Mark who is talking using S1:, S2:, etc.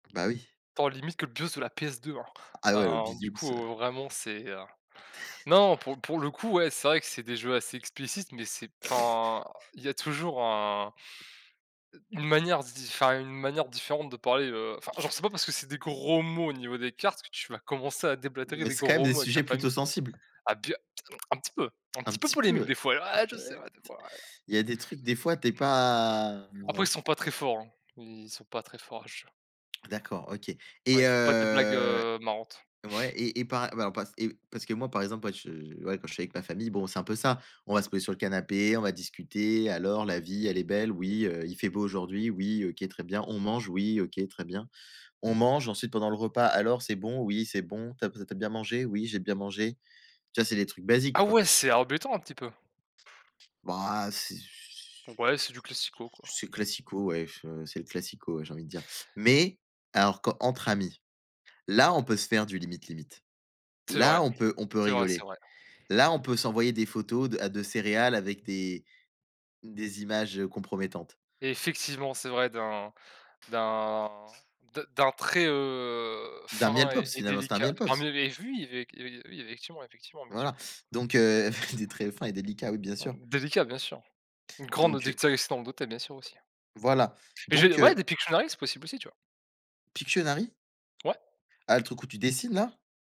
S1: Bah, oui.
S2: Tant limite que le bus de la PS2,
S1: Ah ouais, le,
S2: hein, heu, du
S1: [unintelligible] heu
S2: coup, vraiment, c'est, heu, non, pour pour le coup, ouais, c'est vrai que c'est des jeux assez explicites mais c'est enfin, il y a toujours un une manière d'y enfin, une manière différente de parler, heu, enfin, genre, c'est pas parce que c'est des gros mots au niveau des cartes que tu vas commencer à déblatérer
S1: Mais
S2: des
S1: c'est quand même
S2: gros
S1: des
S2: mots avec ta
S1: sujets plutôt
S2: famille,
S1: sensibles.
S2: à b un petit peu, un
S1: Un
S2: petit peu
S1: petit
S2: polémique,
S1: peu,
S2: des fois, ah je sais,
S1: [unintelligible]
S2: ouais, des fois, ouais.
S1: il y a des trucs des fois, tu es pas
S2: Après, ils sont pas très forts, hein, ils sont pas très forts à ce jeu.
S1: D'accord, OK
S2: Ouais,
S1: et
S2: il font pas des blagues,
S1: heu
S2: heu, marrantes.
S1: ouais et et par ouais, on passe et parce que moi, par exemple, moi, je ouais, quand je suis avec ma famille, bon, c'est un peu ça. On va se poser sur le canapé, on va discuter: «Alors la vie elle est belle?» «Oui», heu: «Il fait beau aujourd'hui?» «Oui», «OK, très bien», «On mange?» «Oui», «OK, très bien», on mange ensuite pendant le repas: «Alors c'est bon?» «Oui, c'est bon.» «Tu as tu as bien mangé?» «Oui, j'ai bien mangé». Tu vois? C'est des trucs basiques,
S2: Ah
S1: quoi.
S2: ouais, c'est embêtant un petit peu.
S1: Bah, heu, c'est ce
S2: Ouais, c'est du classico, quoi.
S1: c'est classico, ouais, che c'est le classico, ouais, j'ai envie de dire mais alors qu'entre amis, là, on peut se faire du limite, limite,
S2: C'est vrai,
S1: là, on peut on peut
S2: c'est vrai, c'est
S1: rigoler.
S2: vrai.
S1: Là, on peut s'envoyer des photos de, heu, de céréales avec des des images, heu, compromettantes.
S2: Effectivement, c'est vrai d'un d'un de d'un trait, heu,
S1: D'un Miel
S2: fin et
S1: Pops,
S2: et
S1: finalement, c'était un
S2: délicat.
S1: Miel Pops?
S2: Parmi les vues, il y avait, il y a il y avait, effectivement effectivement, bien sûr.
S1: Voilà, donc heu, des traits fins et délicats, oui, bien sûr.
S2: Mmh, délicat, bien sûr. Une grande,
S1: Donc heu
S2: [unintelligible] bien sûr, aussi, hein.
S1: Voilà,
S2: Et je
S1: donc
S2: ouais, des
S1: heu
S2: Pictionary, c'est possible aussi, tu vois?
S1: Pictionary?
S2: Ouais.
S1: Ah! Le truc où tu dessines, là?